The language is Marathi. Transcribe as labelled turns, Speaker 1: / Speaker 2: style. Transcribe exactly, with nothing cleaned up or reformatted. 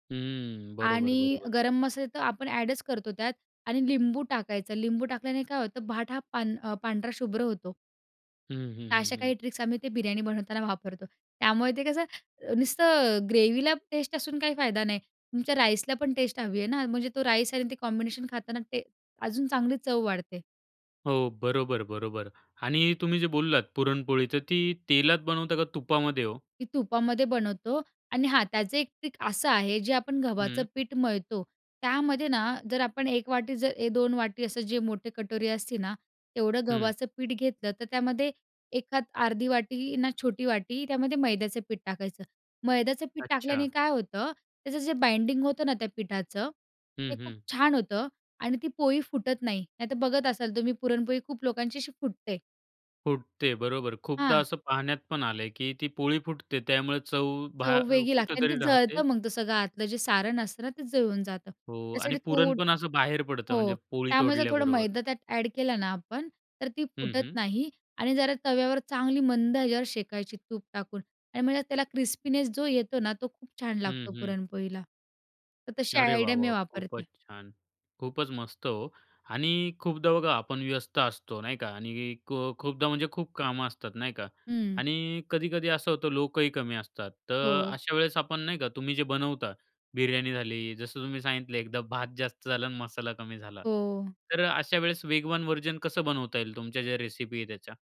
Speaker 1: हं, बरोबर
Speaker 2: आणि
Speaker 1: बरोबर.
Speaker 2: गरम मसाले तर आपण ॲडच करतो त्यात आणि लिंबू टाकायचं, लिंबू टाकल्याने काय होतं भाट हा पां पांढरा शुभ्र होतो.
Speaker 1: हं, हं,
Speaker 2: तर
Speaker 1: हं,
Speaker 2: अशा
Speaker 1: हं.
Speaker 2: काही ट्रिक्स आम्ही ते बिर्याणी बनवताना वापरतो, त्यामुळे ते कसं नुसतं ग्रेव्हीला टेस्ट असून काही फायदा नाही, तुमच्या राईसला पण टेस्ट हवी आहे ना, म्हणजे तो राईस आणि ते कॉम्बिनेशन खाताना ते अजून चांगली चव वाढते.
Speaker 1: हो, बरोबर बरोबर आणि तुम्ही जे बोललात पुरणपोळी तर ती तेलात बनवता का तुपामध्ये ओ?
Speaker 2: ती तुपामध्ये बनवतो आणि हा त्याचं एक ट्रिक असं आहे, जे आपण गव्हाचं
Speaker 1: हं.
Speaker 2: पीठ मळतो, त्यामध्ये ना जर आपण एक वाटी जर ए दोन वाटी असं जे मोठे कटोरी असते ना, तेवढं
Speaker 1: हं.
Speaker 2: गव्हाचं पीठ घेतलं तर त्यामध्ये एखाद अर्धी वाटी ना छोटी वाटी त्यामध्ये मैद्याचं पीठ टाकायचं, मैद्याचं पीठ टाकल्याने
Speaker 1: अच्छा.
Speaker 2: काय होतं, त्याचं जे बाइंडिंग होतं ना, त्या पिठाचं, ते
Speaker 1: हं,
Speaker 2: खूप
Speaker 1: हं.
Speaker 2: छान होतं आणि ती पोळी फुटत नाही. नाहीतर बघत असाल तुम्ही पुरणपोळी खूप लोकांची अशी फुटते.
Speaker 1: फुटते, बरोबर. खूपदा
Speaker 2: हां.
Speaker 1: असं पाहण्यात पण आलंय, की ती पोळी फुटते त्यामुळे चव
Speaker 2: चव
Speaker 1: बाहे
Speaker 2: वेगळी लागते आणि ते
Speaker 1: कुठेतरी
Speaker 2: जळतं
Speaker 1: राहते.
Speaker 2: मग ते सगळं आतलं जे सारण असतं ना, तेच जळून जातं.
Speaker 1: हो आणि
Speaker 2: त्यासाठी
Speaker 1: पुरण
Speaker 2: थोड
Speaker 1: पण असं बाहेर पडतं म्हणजे
Speaker 2: हो,
Speaker 1: पोळी
Speaker 2: त्यामुळे जर थोडं
Speaker 1: तोडल्याबरोबर.
Speaker 2: मैदा त्यात ॲड केलं ना आपण, तर ती
Speaker 1: हं,
Speaker 2: फुटत
Speaker 1: हं.
Speaker 2: नाही आणि जरा तव्यावर चांगली मंद ह्याच्यावर शेकायची तूप टाकून आणि म्हणजे त्याला क्रिस्पीनेस जो येतो ना, तो खूप छान
Speaker 1: हं,
Speaker 2: लागतो
Speaker 1: हं.
Speaker 2: पुरणपोळीला. तर तशी
Speaker 1: अरे वाह!
Speaker 2: आयडिया मी
Speaker 1: वाह!
Speaker 2: वापरते.
Speaker 1: खूपच छान! खूपच मस्त हो आणि खूपदा बघा आपण व्यस्त असतो, नाही का आणि खु खूपदा म्हणजे खूप कामं असतात, नाही का
Speaker 2: हं.
Speaker 1: आणि कधी-कधी असं होतं लोकही कमी असतात तर
Speaker 2: हो.
Speaker 1: अशा वेळेस आपण नाही का तुम्ही जे बनवता बिर्याणी झाली, जसं तुम्ही सांगितले एकदा भात जास्त झालं आणि मसाला कमी झाला
Speaker 2: हो.
Speaker 1: तर अशा वेळेस वेगवान व्हर्जन कसं बनवता येईल तुमच्या ज्या रेसिपी आहे त्याच्या?